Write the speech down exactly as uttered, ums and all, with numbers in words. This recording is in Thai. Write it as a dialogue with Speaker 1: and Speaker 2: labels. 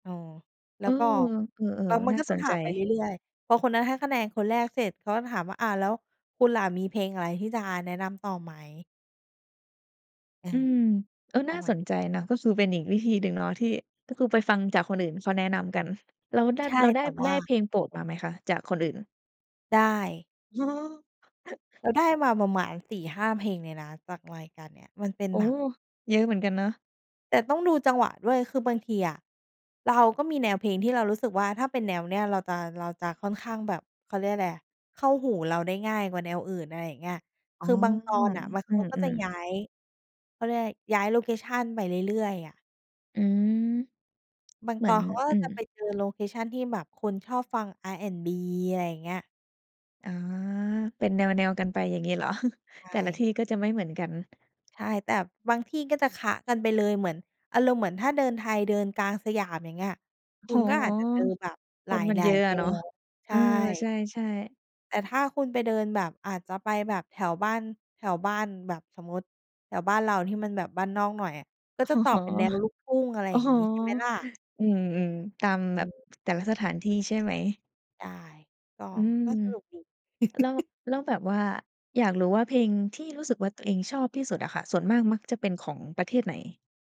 Speaker 1: เออ แล
Speaker 2: เ
Speaker 1: ้
Speaker 2: อ
Speaker 1: ว
Speaker 2: อ
Speaker 1: ก็
Speaker 2: เออ
Speaker 1: แล้วมั
Speaker 2: ๆ
Speaker 1: น
Speaker 2: น่
Speaker 1: ก
Speaker 2: า
Speaker 1: ็จ
Speaker 2: ส
Speaker 1: ะ
Speaker 2: น
Speaker 1: ถ
Speaker 2: ใ
Speaker 1: ามไป
Speaker 2: จ
Speaker 1: เรื่อย ๆ พอคนนั้นให้คะแนนคนแรกเสร็จ เขาก็ถามว่า "อา แล้วคุณล่ะมีเพลงอะไรที่จะแนะนำต่อไหม?" เอ
Speaker 2: อื
Speaker 1: อ
Speaker 2: ม เออ
Speaker 1: เอ
Speaker 2: น่
Speaker 1: า
Speaker 2: า
Speaker 1: ใหม
Speaker 2: ส
Speaker 1: ่
Speaker 2: นใจนะ ก็คือเป็นอีกวิธีหนึ่งเนาะที่ ก็คือไปฟังจากคนอื่นเขาแนะนำกัน แล้วได้
Speaker 1: ใช่
Speaker 2: แล้วไ
Speaker 1: แ
Speaker 2: ด
Speaker 1: ต
Speaker 2: ้
Speaker 1: ่ว
Speaker 2: ได
Speaker 1: ่
Speaker 2: ้
Speaker 1: า
Speaker 2: เพลงโปรดมาไหมคะ? จากคนอื่น
Speaker 1: ได้
Speaker 2: อ๋อ
Speaker 1: เราได้มาประมาณ สี่ห้า เพลงเลยนะ จากรายการเนี้ย มันเป็น
Speaker 2: โอ้
Speaker 1: แบ
Speaker 2: โฮ!
Speaker 1: บ
Speaker 2: เยอะเหมือนกันเนาะ
Speaker 1: แต่ต้องดูจังหวะด้วย คือบางทีอะเราก็มีแนวเพลงที่เรารู้สึกว่า ถ้าเป็นแนวเนี้ยเราจะ เราจะค่อนข้างแบบ เขาเรียกไรอะ เข้าหูเราได้ง่ายกว่าแนวอื่น อะไรอย่างเงี้ย
Speaker 2: อ๋
Speaker 1: ค
Speaker 2: อ
Speaker 1: ือบางตอนน่ะมัน เ
Speaker 2: อื
Speaker 1: ขาก็จะ
Speaker 2: ม
Speaker 1: ย้า
Speaker 2: ๆ
Speaker 1: ย เขาเรียกไร ย้ายโลเคชันไปเรื่อย ๆ อะ
Speaker 2: อืม
Speaker 1: บาง
Speaker 2: เหม
Speaker 1: ต
Speaker 2: ื
Speaker 1: อ
Speaker 2: อน
Speaker 1: นเขาก็
Speaker 2: อื
Speaker 1: จะไป
Speaker 2: ม
Speaker 1: เจอโลเคชันที่แบบคนชอบฟัง R&B อะไรอย่างเงี้ย
Speaker 2: อ๋อ เป็นแนว ๆ กันไป อย่างงี้เหรอ?
Speaker 1: ใช
Speaker 2: แต่ละท
Speaker 1: ่
Speaker 2: ี่ก็จะไม่เหมือนกัน
Speaker 1: ใช่ แต่บางที่ก็จะคละกันไปเลย เหมือน อารมณ์เหมือน ถ้าเดิน ไทยเดินกลางสยาม อย่างเงี้ย ค
Speaker 2: โ
Speaker 1: ุ
Speaker 2: อ้
Speaker 1: ณก็
Speaker 2: โ
Speaker 1: อ
Speaker 2: ฮ!
Speaker 1: าจจะเจอแบบห
Speaker 2: ค
Speaker 1: ล
Speaker 2: นมันเ
Speaker 1: า
Speaker 2: ยอ
Speaker 1: ย
Speaker 2: ะ
Speaker 1: ๆ แ
Speaker 2: อ
Speaker 1: น
Speaker 2: ะเนาะ
Speaker 1: ว ใ
Speaker 2: เ
Speaker 1: ช
Speaker 2: ออ ใช
Speaker 1: ่
Speaker 2: ่ ๆ
Speaker 1: แต่ถ้าคุณไปเดินแบบอาจจะไปแบบแถวบ้าน แถวบ้านแบบสมมุติ แถวบ้านเราที่มันแบบบ้านนอกหน่อยอะก
Speaker 2: อ
Speaker 1: ็
Speaker 2: ๋อ
Speaker 1: จะตอบเป็นแนวลูกทุ่ง อะไร
Speaker 2: โอ้
Speaker 1: อย่า
Speaker 2: โ
Speaker 1: ง
Speaker 2: ฮ
Speaker 1: งี้ ใช่ไหมล่ะ?
Speaker 2: อืม ๆ ตาม
Speaker 1: อ
Speaker 2: แบบ
Speaker 1: ืม
Speaker 2: แต่ละสถานที่ใช่ไหม?
Speaker 1: ใช่ ก็
Speaker 2: อืม
Speaker 1: ก็สนุกดี
Speaker 2: แล้ว แล้วแบบว่า อยากรู้ ว่า เพลงที่ รู้สึกว่า ตัวเองชอบที่สุดอะค่ะ ส่วนมากมักจะเป็นของประเทศไหน?